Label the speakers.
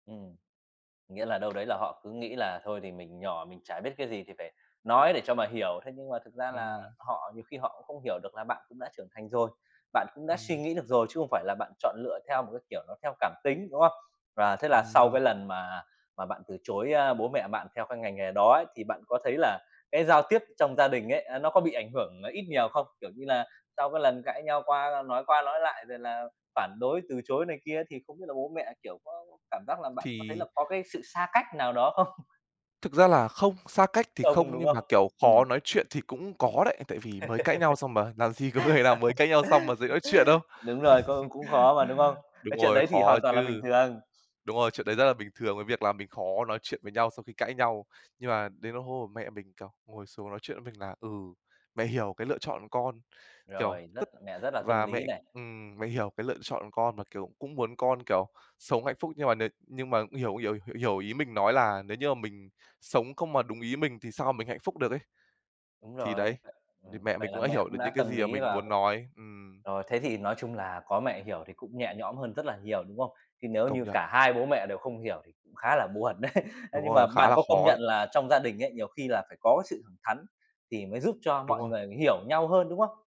Speaker 1: Ừm. Nghĩa là đâu đấy là họ cứ nghĩ là thôi thì mình nhỏ mình chả biết cái gì thì phải nói để cho mà hiểu. Thế nhưng mà thực ra là
Speaker 2: Ừm.
Speaker 1: họ nhiều khi họ cũng không hiểu được là bạn cũng đã trưởng thành rồi. Bạn cũng đã suy
Speaker 2: Ừm.
Speaker 1: nghĩ được rồi chứ không phải là bạn chọn lựa theo một cái kiểu nó theo cảm tính, đúng không? Và thế là
Speaker 2: Ừm
Speaker 1: sau
Speaker 2: hưm.
Speaker 1: cái lần mà mà bạn từ chối, a, bố mẹ bạn theo cái ngành nghề đó ấy, thì bạn có thấy là cái giao tiếp trong gia đình ấy, à, nó có bị ảnh hưởng ít nhiều không? Kiểu như là, sau cái lần cãi nhau qua nói qua nói lại rồi là phản đối, từ chối này kia thì không biết là bố mẹ, kiểu, có cảm giác là bạn có thấy
Speaker 2: Thì
Speaker 1: là có cái sự xa cách nào đó không?
Speaker 2: Thực ra là không, xa cách thì
Speaker 1: Không,
Speaker 2: không
Speaker 1: đúng
Speaker 2: nhưng
Speaker 1: không?
Speaker 2: mà, kiểu, khó
Speaker 1: Ừm.
Speaker 2: nói chuyện thì cũng có đấy, tại vì mới cãi nhau xong mà làm gì có có thể nào mới cãi nhau xong mà dễ nói chuyện đâu.
Speaker 1: Đúng rồi, cũng cũng khó mà, đúng không?
Speaker 2: Đúng
Speaker 1: Cái chuyện
Speaker 2: rồi,
Speaker 1: đấy thì
Speaker 2: khó
Speaker 1: hoàn toàn là bình
Speaker 2: chứ.
Speaker 1: thường.
Speaker 2: Đúng rồi, chuyện đấy rất là bình thường cái việc là mình khó nói chuyện với nhau sau khi cãi nhau. Nhưng mà đến [unintelligible] mẹ mình, kiểu, ngồi xuống nói chuyện với mình là, ừ, "Mẹ hiểu cái lựa chọn con, kiểu,
Speaker 1: Rồi, rất
Speaker 2: tức
Speaker 1: mẹ rất là tâm
Speaker 2: và
Speaker 1: lý
Speaker 2: mẹ,
Speaker 1: này.
Speaker 2: ừm, mẹ hiểu cái lựa chọn con mà, kiểu, cũng muốn con, kiểu, sống hạnh phúc," nhưng mà n nhưng mà hiểu [unintelligible] hiểu ý mình nói là nếu như mà mình sống không mà đúng ý mình thì sao mình hạnh phúc được ấy.
Speaker 1: Đúng
Speaker 2: Thì
Speaker 1: rồi,
Speaker 2: đấy, thì
Speaker 1: ừm,
Speaker 2: mẹ mình
Speaker 1: vậy là
Speaker 2: cũng đã
Speaker 1: mẹ
Speaker 2: hiểu
Speaker 1: cũng
Speaker 2: được
Speaker 1: đã
Speaker 2: những cái
Speaker 1: tâm
Speaker 2: gì mà
Speaker 1: lý
Speaker 2: mình
Speaker 1: và c
Speaker 2: muốn nói, ừm.
Speaker 1: rồi, thế thì nói chung là có mẹ hiểu thì cũng nhẹ nhõm hơn rất là nhiểu, đúng không? Thế nếu
Speaker 2: Công
Speaker 1: như
Speaker 2: nhận.
Speaker 1: cả hai bố mẹ đều không hiểu thì cũng khá là buồn đấy. Ê,
Speaker 2: Đúng
Speaker 1: nhưng mà
Speaker 2: rồi, khá
Speaker 1: bạn
Speaker 2: là
Speaker 1: có công
Speaker 2: khó
Speaker 1: nhận
Speaker 2: đấy.
Speaker 1: là trong gia đình ấy, nhiều khi là phải có cái sự thẳng thắn thì mới giúp cho
Speaker 2: Đúng
Speaker 1: mọi
Speaker 2: rồi.
Speaker 1: người người hiểu nhau hơn, đúng không?